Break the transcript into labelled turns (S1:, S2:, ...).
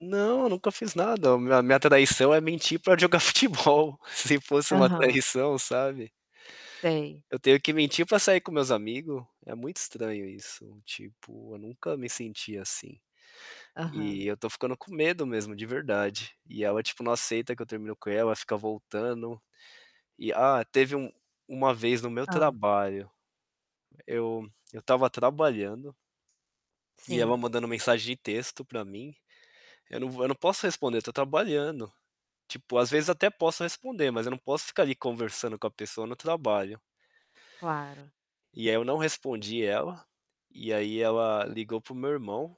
S1: Não, eu nunca fiz nada, me a minha traição é mentir pra jogar futebol, se fosse uma
S2: Aham.
S1: traição, sabe?
S2: Sei.
S1: Eu tenho que mentir pra sair com meus amigo. É muito estranho isso, tipo, eu nunca me senti assim.
S2: Aham.
S1: E eu tô ficando com medo mesmo de verdade. E ela, tipo, não aceita que eu terminei com ela, ela fica voltando. E ah, teve um uma vez no meu
S2: Hã.
S1: trabalho, eu eu estava trabalhando e ela
S2: Sim.
S1: mandando mensagem de texto pra mim. Eu não vou eu não posso responder, tô trabalhando. Tipo, às vezes até posso responder, mas eu não posso ficar ali conversando com a pessoa no trabalho.
S2: Claro.
S1: E aí eu não respondi ela, e aí ela ligou para o meu irmão